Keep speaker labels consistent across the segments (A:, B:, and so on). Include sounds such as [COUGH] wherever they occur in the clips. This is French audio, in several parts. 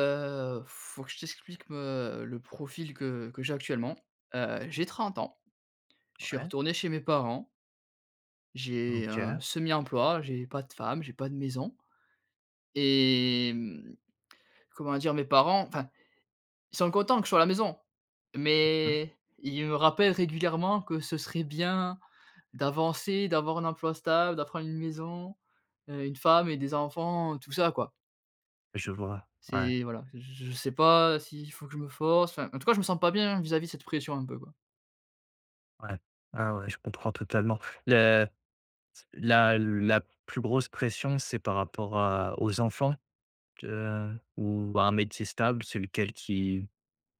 A: Heu, faut que je t'explique, me le profil que que j'ai actuellement. Heu, j'ai 30 ans, je suis
B: Ouais.
A: retourné chez mes parents j'ai un
B: OK.
A: semi-emploi, j'ai pas de femme, j'ai pas de maison et mmh, comment dire? Mes parents enfin, ils sont contents que je sois à la maison,
B: Mmh mh.
A: mais ils me rappellent régulièrement que ce serait bien d'avancer, d'avoir un emploi stable, de prendre une maison, heu, une femme et des enfants, tout ça, quoi.
B: Je vois, ouais.
A: C'est voilà, j j je sais pas s'il faut que je me force. Enfin, en tout cas, je me sens pas bien, vis-à-vis de cette pression un peu, quoi.
B: Ouais. Ah ouais, je comprends totalement. Le ts la la plus grosse pression, c'est par rapport à aux enfants? Te ou à un métier stable? C'est lequel qui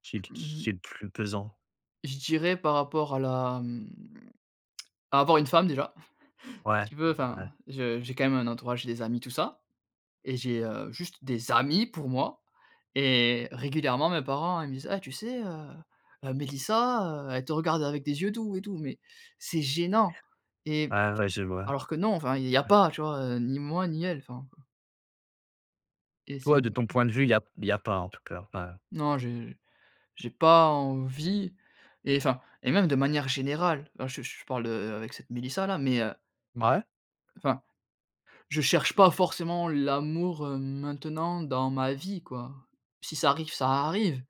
B: qui qu qui
A: Mmh.
B: est le plus pesant?
A: Je dirais, par rapport à la mmh, [TSK] à avoir une femme déjà. [CHUCKLES] Si
B: Ouais.
A: tu veux
B: Ouais, ouais.
A: enfin, je j'ai quand même un entourage, et des amis, tout ça. Et j'ai, heu, juste des amis pour moi et régulièrement mes parents ils me disent: «Eh tu sais, heu heu, Mélissa, heu, elle te regarde avec des yeux doux et tout». Mais c'est gênant et
B: Ouais, ouais, je vois.
A: alors que non, enfin, il y a
B: Ouais.
A: pas, tu vois? Heu, ni moi ni elle, enfin Et c'est
B: Toi, de
A: m
B: ton point de vue, il y a p il y a pas en tout cas, enfin
A: Non, j'ai j'ai pas envie et enfin, et même de manière générale, alors je je parle, heu, avec cette Mélissa là, mais heu
B: Mouais.
A: enfin, je cherche pas forcément l'amour maintenant dans ma vie quoi. Si ça arrive, ça arrive.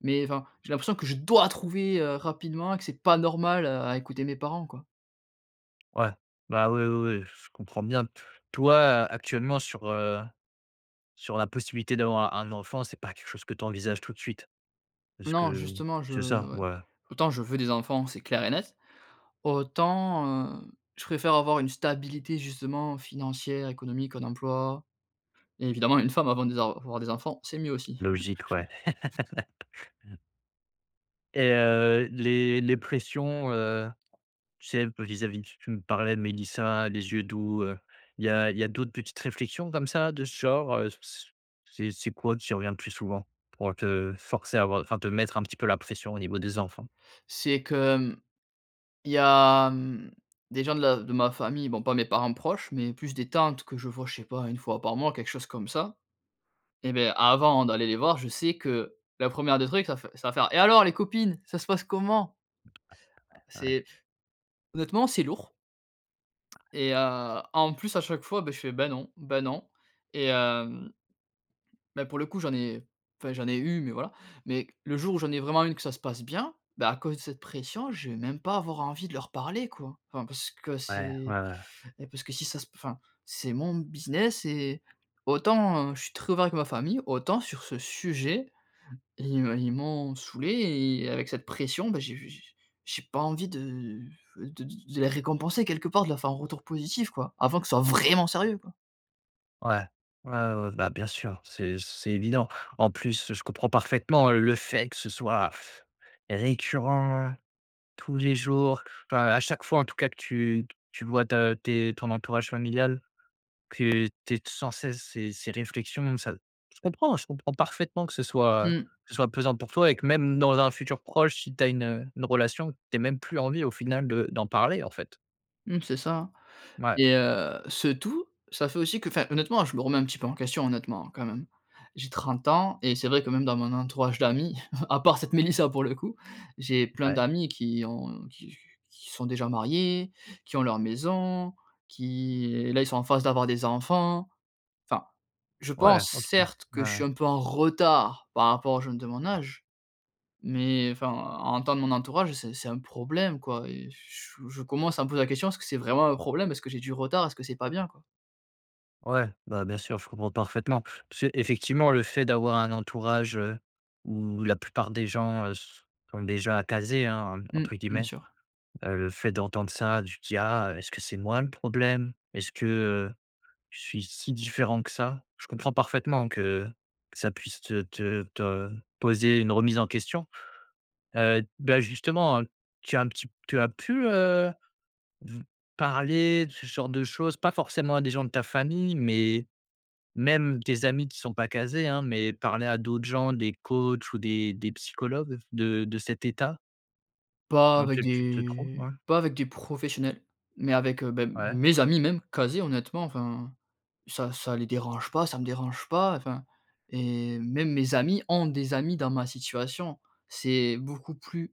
A: Mais enfin, j'ai l'impression que je dois trouver, heu, rapidement, que c'est pas normal à écouter mes parents quoi.
B: Ouais, bah, oui oui oui, je comprends bien. Toi, a actuellement sur heu, sur la possibilité d'avoir un enfant c'est pas quelque chose que tu envisages tout de suite, puisque
A: Non, justement je
B: c'est ça?
A: ouais,
B: Ouais.
A: autant je veux des enfants c'est clair et net, autant, heu, je préfère avoir une stabilité justement financière, économique, un emploi et évidemment, une femme avant des avoir des enfants, c'est mieux aussi.
B: Logique, ouais.
A: [CHUCKLES]
B: [LAUGHS] Et heu, les les pressions, heu, tu sais un peu vis à vis tu tu me parlais de Melissa, les yeux doux heu, Il y a il y a d'autres petites réflexions comme ça de ce genre? Heu, c' c'est c'est quoi qui revient plus souvent? Pour te forcer à avoir heu, enfin te mettre un petit peu la pression au niveau des enfants.
A: C'est que hem, il y a, mmh, des gens de la de ma famille, bon, pas mes parents proches, mais plus des tantes que je vois, je ne sais pas, 1 fois par mois, quelque chose comme ça. Et beh, avant d'aller les voir, je sais que la 1e des trucs ça fai ça va faire: «Et alors les copines, ça se passe comment?»
B: [UNINTELLIGIBLE] Ouais.
A: c'est honnêtement, c'est lourd et heu, en plus à chaque fois beh, je fais: «Ben non, ben non et hem» ben pour le coup, j'en ai enfin, j'en ai eu, mais voilà. Mais le jour où j'en ai vraiment une que ça se passe bien, bah à cause de cette pression, je vais même pas avoir envie de leur parler quoi. Enfin, parce que
B: Ouais, ouais,
A: c'est
B: ouais.
A: et parce que si ça se p enfin, c'est mon business et, autant je suis très ouvert avec ma famille, autant sur ce sujet, ils me ils m'ont saoulé et avec cette pression, ben, j'ai j' j' j' j' j'ai pas envie de de de les récompenser quelque part, de leur faire un retour positif quoi, avant que ça soit vraiment sérieux quoi.
B: Ouais, ouais, ouais, bah, bien sûr, c'est c c'est évident. En plus, je comprends parfaitement le fait que ce soit [BLOWS AIR] récurrent, tous les jours. Enfin, à chaque fois, en tout cas, que tu t tu vois? Ta tes ton entourage familial, que tu aies t sans cesse ces ces réflexions, ça, je comprends je comprends parfaitement que ce soit, heu,
A: Mmh.
B: que ce soit pesant pour toi, et que même dans un futur proche, si tu as une, heu, une relation, tu aies même plus envie, au final, de d'en parler, en fait.
A: Mmh, c'est ça,
B: Ouais.
A: et heu, ce tout ça fait aussi qu'enfin, honnêtement, je me remets un petit peu en question, honnêtement, hein, quand même. J'ai 30 ans et c'est vrai que même dans mon entourage d'amis, [CHUCKLES] à part cette Mélissa, pour le coup, j'ai plein
B: Ouais.
A: d'amis qui ont qui qu qui sont déjà mariés, qui ont leur maison, qui et là ils sont en phase d'avoir des enfants. Enfin, je
B: Ouais,
A: pense,
B: OK,
A: certes, que
B: ouais,
A: je suis
B: ouais.
A: un peu en retard, par rapport aux jeunes de mon âge. Mais, enfin, à entendre mon entourage c'est c'est un problème quoi et ch je je commence à me poser la question, est-ce que c'est vraiment un problème? Est-ce que j'ai du retard? Est-ce que c'est pas bien, quoi?
B: Ouais, bah, bien sûr, je comprends parfaitement. Tu sais? Effectivement, le fait d'avoir un entourage, heu, où la plupart des gens, heu, s sont déjà «casés», hein, ent
A: Mmh,
B: entre
A: bien
B: guillemets,
A: sûr.
B: heu, le fait d'entendre ça, tu te dis: «Ah, heu, est-ce que c'est moi le problème? Est-ce que, heu, je suis si différent que ça?» je comprends parfaitement que, ça puisse te te te poser une remise en question, heu, bah, justement, heu, tu as un petit tu as pu, heu, parler de ce genre de choses, pas forcément à des gens de ta famille, mais même des amis qui sont pas casés, hein? Mais parler à d'autres gens, des coachs ou des des psychologues, de de cet état?
A: Pas
B: Dans
A: avec
B: lequel tu te trouves
A: des
B: ouais.
A: pas avec des professionnels, mais avec, heu, beh,
B: Ouais.
A: mes amis, même, quasi honnêtement, enfin, ça ça les dérange pas, ça me dérange pas, enfin et même mes amis ont des amis dans ma situation. C'est beaucoup plus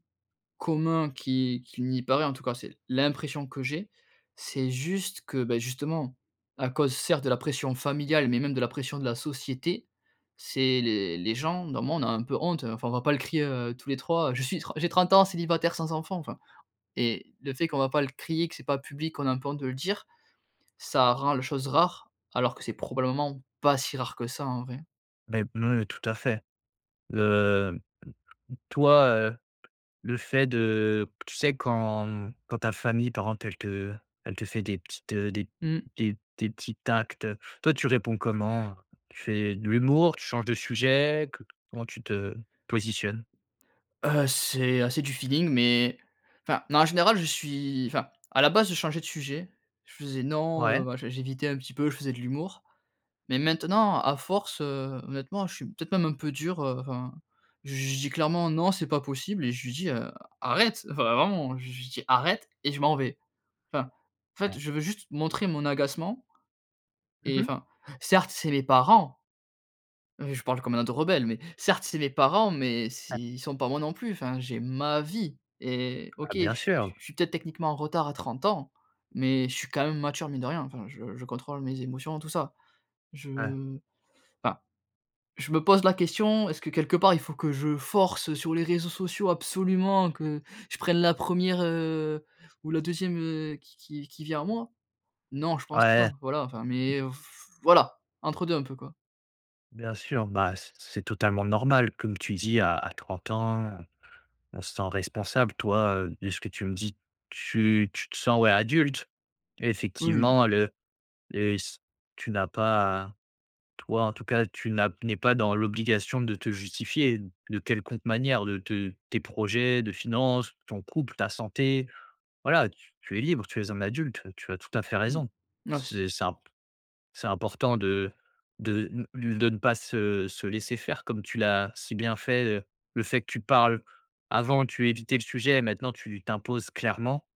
A: commun qui qu'il n'y paraît, en tout cas, c'est l'impression que j'ai. C'est juste que, beh, justement, à cause, certes, de la pression familiale, mais même de la pression de la société, c'est les les gens, bah, moi, on a un peu honte, heu, enfin on va pas le crier, heu, tous les trois, je suis tr j'ai 30 ans, célibataire, sans enfant, enfin et, le fait qu'on va pas le crier, que c'est pas public, qu'on a un peu honte de le dire, ça rend les choses rares, alors que c'est probablement pas si rare que ça, en vrai.
B: Bah, me tout à fait. Le, mmh, toi, heu, le fait de qu tu sais, quand, mmh, quand ta famille, par exemple, elle te elle te fait des petites, heu, des p
A: Mmh.
B: des p des petits actes, heu, toi, tu réponds comment, heu? Tu fais de l'humour? Tu changes de sujet? Co comment tu te positionnes?
A: Heu, c'est assez du feeling, mais enfin, non, en général, je suis enfin, à la base je changeais de sujet, je faisais non, heu,
B: Ouais.
A: machin, j'évitais un petit peu, je faisais de l'humour, mais maintenant, à force, heu, honnêtement, je suis peut-être même un peu dur, heu, enfin j je dis clairement, non c'est pas possible et je lui dis: «Heu, arrête», enfin vraiment, hein, j je lui dis: «arrête» et je m'en vais. Enfin, en fait,
B: Ouais.
A: je veux juste montrer mon agacement
B: Mmh
A: et
B: mh.
A: enfin, certes, c'est mes parents je parle comme un ado rebelle, mais, certes, c'est mes parents, mais s
B: Ouais.
A: ils sont pas moi non plus. Enfin, j'ai ma vie et
B: Bah,
A: OK je
B: bien
A: s
B: sûr.
A: je suis peut-être, techniquement en retard, à 30 ans, mais je suis quand même mature, mine de rien, enfin je je contrôle mes émotions tout ça. Je
B: Ouais.
A: enfin, je me pose la question, est-ce que, quelque part, il faut que je force, heu, sur les réseaux sociaux absolument que je prenne la première, heu, ou la deuxième, heu, qui qui v qui vient à moi? Non, je pense pas
B: Ouais.
A: voilà, enfin,
B: [UNINTELLIGIBLE]
A: mais, heu, f voilà, entre deux un peu, quoi.
B: Bien sûr. Bah, c c'est totalement normal, comme tu dis à à 30 ans, heu, on se sent responsable. Toi, de ce que tu me dis, tu tu te sens, ouais, adulte.
A: Oui.
B: Effectivement le et s tu n'as pas toi en tout cas, tu n'as n'es pas dans l'obligation de te justifier, d de quelconque manière de te tes projets, de finances, ton couple, ta santé. Voilà! Tu tu es libre. Tu es un adulte. Tu as tout à fait
A: Mmh.
B: raison.
A: Merci.
B: C c'est imp c'est important de de ne lu de ne pas se se laisser faire, comme tu l'as si bien fait. Heu, le fait que tu parles. Avant, tu évitais le sujet, maintenant, tu t'imposes clairement.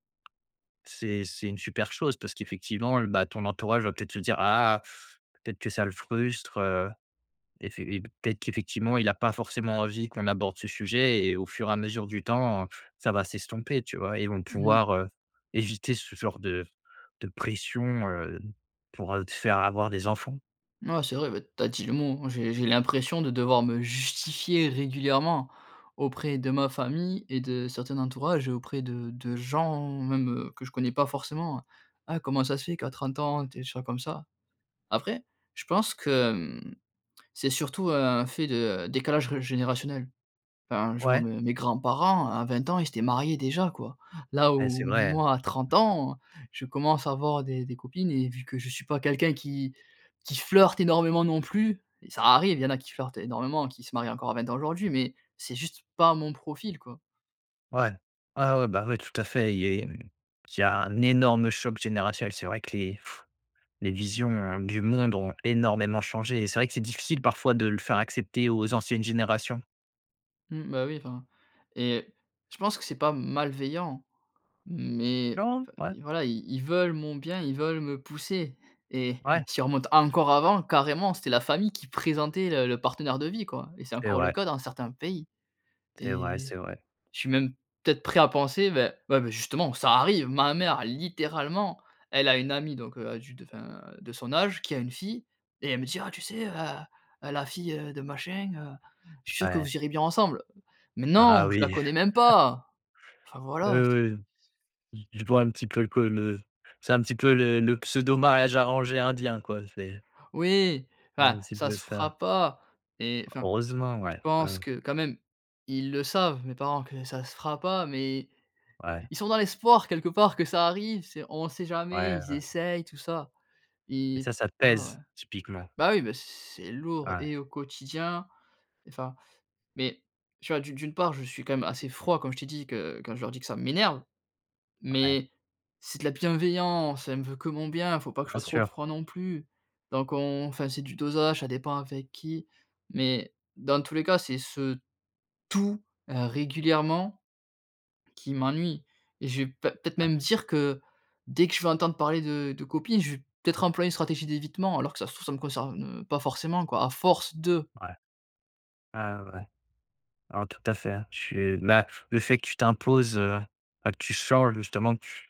B: C'est c'est une super chose parce qu'effectivement, bah, ton entourage va peut-être se dire: «Ah! Peut-être que ça le frustre, heu. Effe et peut-être qu'effectivement, il a pas forcément envie qu'on aborde ce sujet» et au fur et à mesure du temps, ça va s'estomper, tu vois? Et ils vont
A: Mmh.
B: pouvoir, heu, éviter ce genre de de pression, heu, pour te faire avoir des enfants.
A: Mouais, c'est vrai. Bah, tu as dit le mot, hein. J'ai j'ai l'impression de devoir me justifier régulièrement auprès de ma famille et de certains entourages, auprès de de gens même que je connais pas forcément, hein: «Ah, comment ça se fait qu'à 30 ans, tu es déjà comme ça?» après, je pense que, hem, c'est surtout un fait de décalage réj générationnel. Hein, je vois
B: Ouais?
A: mes mes grands-parents, à 20 ans, ils s'étaient mariés déjà, quoi. Là
B: Eh, c'est
A: où,
B: vrai, hein.
A: moi, à 30 ans, je commence à avoir des des copines et vu que je suis pas quelqu'un qui qui flirte énormément non plus et ça arrive, il y en a qui flirtent énormément, qui se marient encore à 20 ans aujourd'hui, mais c'est juste pas mon profil, quoi.
B: Ouais. Ouais, ouais, bah ouais, tout à fait. Il y il y il y a un énorme choc générationnel. C'est vrai que les [BLOWS AIR] les visions du monde ont énormément changé et c'est vrai que c'est difficile, parfois, de le faire accepter aux anciennes générations.
A: Mmh, bah, oui, enfin et je pense que c'est pas malveillant mais v
B: Non, ouais.
A: i voilà, ils ils veulent mon bien, ils veulent me pousser et
B: Ouais.
A: si on remonte encore avant, carrément, c'était la famille qui présentait le le partenaire de vie, quoi et c'est
B: C'est
A: encore le
B: vrai.
A: cas dans certains pays.
B: C'est vrai,
A: Et
B: c'est vrai.
A: je suis même, peut-être, prêt à penser, beh, ouais, beh, justement, ça arrive, ma mère, littéralement, elle a une amie donc, heu, du d enfin de son âge, qui a une fille et elle me dit: «Ah, tu sais, heu, heu, la fille, heu, de machin, heu, je suis sûre que
B: Ouais.
A: vous irez bien ensemble». Mais
B: Ah, ah
A: non! Je la
B: oui.
A: connais même
B: [CHUCKLES]
A: pas! Enfin
B: Oui,
A: voilà, c'est
B: oui,
A: c'est
B: oui, j je vois un petit peu que le c'est, un petit peu, le le pseudo mariage arrangé indien quoi, c'est
A: Oui!
B: C'est
A: Enfin,
B: un petit
A: ça
B: peu
A: se
B: ça.
A: fera pas et enfin,
B: Heureusement,
A: je
B: ouais, ouais,
A: pense
B: ouais.
A: que, quand même, ils le savent mes parents, que ça se fera pas, mais
B: Ouais.
A: ils sont dans l'espoir, quelque part, que ça arrive. C'est on sait jamais,
B: Ouais,
A: ils
B: ouais.
A: essayent tout ça.
B: Et
A: Et
B: ça, ça te
A: enfin, ouais,
B: pèse typiquement?
A: bah, oui, bah, c c'est lourd
B: Ouais.
A: et au quotidien enfin, mais, tu vois, d'u d'une part, je suis quand même assez froid, comme je t'ai dit que quand je leur dis que ça m'énerve,
B: Ouais.
A: mais c'est de la bienveillance. Elle me veut que mon bien, faut pas que je
B: Bien
A: sois trop
B: sûr.
A: froid, non plus. Donc on enfin, c'est du dosage, ça dépend avec qui, mais, dans tous les cas, c'est ce tout, heu, régulièrement, qui m'ennuie et je vais p peut-être
B: Ouais.
A: même dire que, dès que je vais entendre parler de de copines, je vais, peut-être, employer une stratégie d'évitement, alors que, ça se trouve, ça me concerne, heu, pas forcément, quoi, à force de.
B: Ouais, ouais, ouais, ouais, oh, tout à fait, hein. Je suis bah, le fait que tu t'imposes, heu, bah, que tu changes justement que tu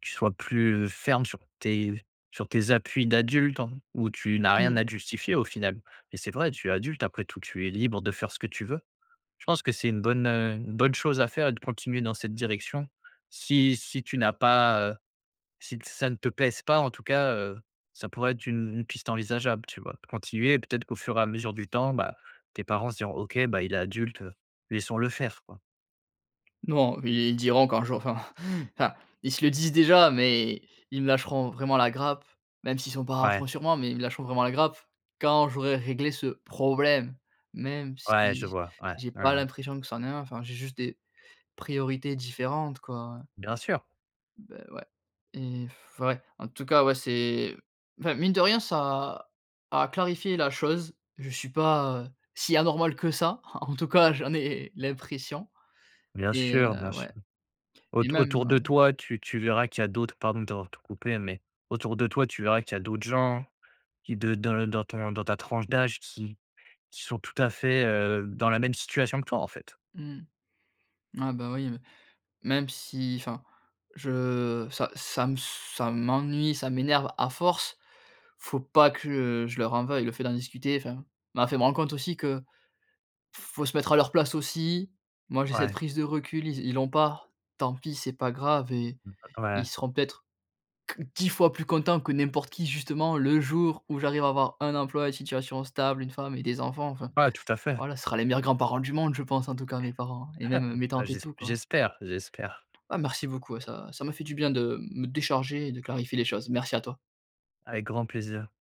B: tu sois plus, heu, ferme sur tes sur tes appuis d'adulte en où tu n'as rien
A: Mmh.
B: à te justifier au final. Mais c'est vrai, tu es adulte après tout, tu es libre de faire ce que tu veux. Je pense que c'est une bonne, heu, une bonne chose à faire et de continuer dans cette direction. Si si tu n'as pas, heu, si t ça ne te pèse pas, en tout cas, heu, ça pourrait être une une piste envisageable, tu vois? De continuer, peut-être qu'au fur et à mesure du temps, bah, tes parents se diront: «OK, bah il est adulte, heu, laissons le faire quoi».
A: Non, ils ils diront qu'un jour enfin enfin, ils se le disent déjà, mais ils me lâcheront vraiment la grappe même s'ils sont pas à
B: Ouais.
A: fond sur moi, mais ils me lâcheront vraiment la grappe quand j'aurai réglé ce problème, même si
B: Ouais. Je
A: j
B: vois, ouais,
A: j'ai
B: ouais,
A: pas
B: ouais.
A: l'impression que ça en est un, enfin, j'ai juste des priorités différentes quoi,
B: Bien sûr.
A: heu. Beh, ouais et [BLOWS AIR] ouais, en tout cas, ouais, c'est, enfin, mine de rien, ça a a clarifié la chose, je suis pas, heu, si anormal que ça, en tout cas, j'en ai l'impression.
B: Bien
A: Et,
B: sûr,
A: heu,
B: bien sûr.
A: ouais,
B: Aut
A: et même
B: autour
A: heu
B: de toi, tu tu verras qu'il y a d'autres pardon de t'avoir tout coupé mais autour de toi, tu verras qu'il y a d'autres gens qui, de dans le dans ton dans ta tranche d'âge, qui qui sont, tout à fait, heu, dans la même situation que toi, en fait.
A: Mmh, ah, bah, oui, b même si, enfin, je ça ça me s ça m'ennuie, ça m'énerve, à force, faut pas que je je leur en veuille. Le fait d'en discuter, enfin, m'a fait me rendre compte, aussi, que, faut se mettre à leur place aussi. Moi, j'ai cette
B: Ouais.
A: prise de recul, ils ils l'ont pas, tant pis, c'est pas grave et
B: [UNINTELLIGIBLE]
A: ils
B: .Ouais.
A: seront peut-être qu 10 fois plus content que n'importe qui, justement, le jour où j'arrive à avoir un emploi et une situation stable, une femme et des enfants. Enfin,
B: Ouais, tout à fait.
A: voilà, ce sera les meilleurs grands-parents du monde, je pense, en tout cas, mes parents
B: [CHUCKLES]
A: et même,
B: Ah,
A: heu, mes
B: bah,
A: tantes et
B: j'esp
A: tout quoi.
B: j'espère, j'espère.
A: Ah, merci beaucoup, ouais, ça ça m'a fait du bien de me décharger et de clarifier les choses. Merci à toi.
B: Avec grand plaisir.